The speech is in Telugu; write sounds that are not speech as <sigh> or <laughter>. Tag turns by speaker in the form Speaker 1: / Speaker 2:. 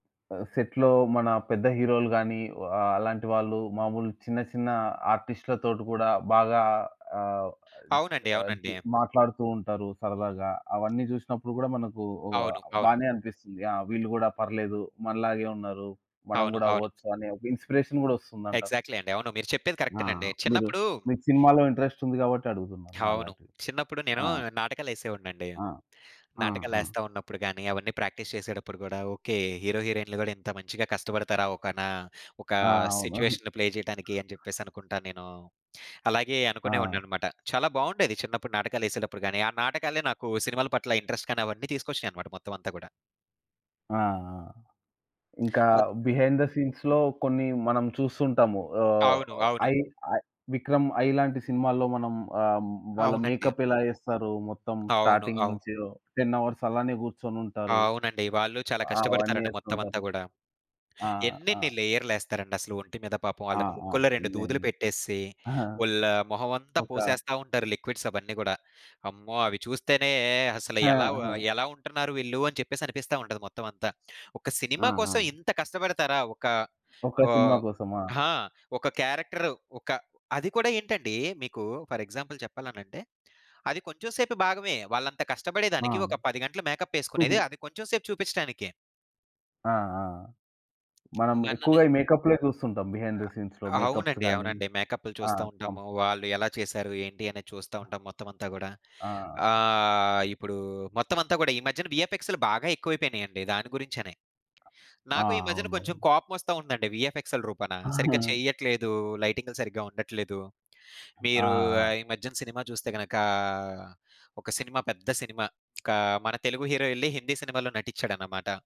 Speaker 1: ఆహ్, సెట్‌లో మన పెద్ద హీరో‌లు గాని, వా అలాంటి వాళ్ళు మాములు చిన్న, చిన్న ఆర్టిస్ట్‌లతోటి గూడా బాగా ఆహ్, అద్
Speaker 2: అవునండి.
Speaker 1: అద్
Speaker 2: అవునండి.
Speaker 1: మాట్లాడుతూ ఉంటారు
Speaker 2: హ్మ్.
Speaker 1: సరదాగా, అవన్నీ జూసినప్పుడు గూడా మనకు ఒ ఆహ్,
Speaker 2: అవును. అవును.
Speaker 1: బానే అనిపిస్తుంది. ఆ! వీళ్ళు గూడా పర్లేదు మనలాగే ఉన్నారు, మనం
Speaker 2: అవును.
Speaker 1: గూడా
Speaker 2: అవును.
Speaker 1: అవ్వొచ్చు అని ఒక ఇన్‌స్పిరేషన్ గూడా ఒస్తుంది అంటా?
Speaker 2: ఎగ్జాక్ట్‌లి అండి. అవును మీరు చెప్పేది
Speaker 1: ఆ!
Speaker 2: కరెక్టెనండి.
Speaker 1: మీరు
Speaker 2: చిన్నప్పుడు
Speaker 1: మీకు సినిమాలో ఇంట్రెస్ట్ ఉంది గాబట్టి అడుగుతున్నాను
Speaker 2: అవును.
Speaker 1: అలాంటివి.
Speaker 2: చిన్నప్పుడు నేను
Speaker 1: ఆ!
Speaker 2: నాటకాలేసేవోడినండి.
Speaker 1: ఆ! ఆ! ఆ!
Speaker 2: నాటకాలేస్త ఉన్నప్పుడు గాని, అవన్నీ ప్రాక్టీస్ చేసేటప్పుడు గూడా ఓకే, హీరో, హీరోయిన్‌లు కూడా ఇంత మంచిగా కష్టపడతారా, ఒక నా ఒక
Speaker 1: ఆ! అవును.
Speaker 2: సిట్యుయేషన్‌ని ప్లే జేయడానికి అని చెప్పేసనుకుంటా నేను. అలాగే
Speaker 1: ఆ!
Speaker 2: అనుకునేవాడనన్నమాట. చాలా బావుండేది చిన్నప్పుడు నాటకాలేసేటప్పుడు గాని, ఆ నాటకాలే నాకు సినిమాల పట్ల ఇంట్రెస్ట్ గాని, అవన్నీ తీసుకొచ్చినాయన్నమాట మొత్తం అంతా గూడా.
Speaker 1: ఆ! ఆ! ఇంకా
Speaker 2: అది
Speaker 1: బిహైండ్‌ ద సీన్స్‌లో కొన్ని మనం చూస్తుంటాము. ఆహ్,
Speaker 2: అవును. అవును.
Speaker 1: 'ఐ ఐ' 'విక్రమ్' 'ఐ' లాంటి సినిమాల్లో మనం ఆహ్, వాళ్ళ
Speaker 2: అవునండీ.
Speaker 1: మేకప్ ఎలా ఏస్తారు, మొత్తం
Speaker 2: అవును.
Speaker 1: స్టార్టింగ్
Speaker 2: అవు
Speaker 1: నుంచే ఓ 10 అవర్స్ అలానే గూర్చొనుంటారు.
Speaker 2: అవునండి. వాళ్ళు చాలా
Speaker 1: అవన్నీ
Speaker 2: కష్టపడతారండి
Speaker 1: ఏస్తూ
Speaker 2: మొత్తం అంతా
Speaker 1: ఉంటారు.
Speaker 2: గూడా.
Speaker 1: ఆ! ఆ!
Speaker 2: ఎన్నెన్ని లేయర్‌లేస్తారండి అసలు ఒంటి మీద పాపం
Speaker 1: ఆ!
Speaker 2: వాళ్ళకి
Speaker 1: ఆ!
Speaker 2: ముక్కలో రెండు దూదులు
Speaker 1: ఎన్నెన్ని
Speaker 2: పెట్టేసి,
Speaker 1: ఆహా!
Speaker 2: ఓల్లు మొహం అంతా
Speaker 1: ఒక
Speaker 2: పోసేస్తా ఉంటారు లిక్విడ్స్ అవన్నీ గూడా. అమ్మో! అవి చూస్తేనే అసల
Speaker 1: ఆ!
Speaker 2: ఎలావు ఆహ్,
Speaker 1: ఆ!
Speaker 2: ఎలా ఉంటున్నారు వీళ్ళు అని చెప్పేసనిపిస్తా ఉంటది మొత్తం అంతా. ఒక
Speaker 1: ఆ!
Speaker 2: సినిమా కోసం
Speaker 1: ఆ!
Speaker 2: ఇంత కష్టపడతారా ఒక
Speaker 1: ఒక్క
Speaker 2: ఓ
Speaker 1: సినిమా కోసమా?
Speaker 2: ఆ! ఒక క్యారెక్టర్ ఒక అది కూడా ఏంటండి మీకు ఫర్ ఎగ్జాంపుల్ చెప్పాలనంటే, అది కొంచెం సేపు భాగమే వాళ్ళంత
Speaker 1: ఆ!
Speaker 2: కష్టపడేదానికి, ఒక 10 గంటలు
Speaker 1: హుహు.
Speaker 2: మేక‌ప్పేసుకునేది అది కొంచెం సేపు జూపించటానికే.
Speaker 1: ఆ! ఆ! మనం
Speaker 2: నన్ననే
Speaker 1: ఎక్కువగా ఈ మేకప్‌‌లే చూస్తుంటాం. బిహైండ్‌
Speaker 2: ఆ!
Speaker 1: ద సీన్స్‌లో మేకప్స్
Speaker 2: అవునండి.
Speaker 1: గాని.
Speaker 2: అవునండి. మేకప్‌లు
Speaker 1: ఆ!
Speaker 2: చూస్తా
Speaker 1: కం
Speaker 2: ఉంటాము. వాళ్ళు ఎలా చేసారు, ఏంటి అనేది చూస్తా ఉంటాం మొత్తం అంతా గూడా.
Speaker 1: ఆ! ఆ!
Speaker 2: ఆహ్, ఇప్పుడు మొత్తం అంతా కూడా ఈ మధ్యన విఎఫ్ఎక్స్‌లు బాగా ఎక్కువైపోయినాయండి. దాని గురించనే.
Speaker 1: ఆ!
Speaker 2: నాకు ఈ మధ్యన కొంచెం
Speaker 1: అవునవును.
Speaker 2: కోపమోస్త వుందండి వీఎఫ్ఎక్సెల రూపానా, సరిగ్గా
Speaker 1: <chuckles>
Speaker 2: చెయ్యట్లేదు, లైటింగ్‌లు సరిగ్గా ఉండట్లేదు.
Speaker 1: ఆ!
Speaker 2: మీరు
Speaker 1: ఆ!
Speaker 2: ఈ మధ్యన సినిమా చూస్తే గనక, ఒక సినిమా పెద్ద సినిమా క మన తెలుగు హీరో ఏళ్ళి హిందీ సినిమాలో నటించాడన్నమాట.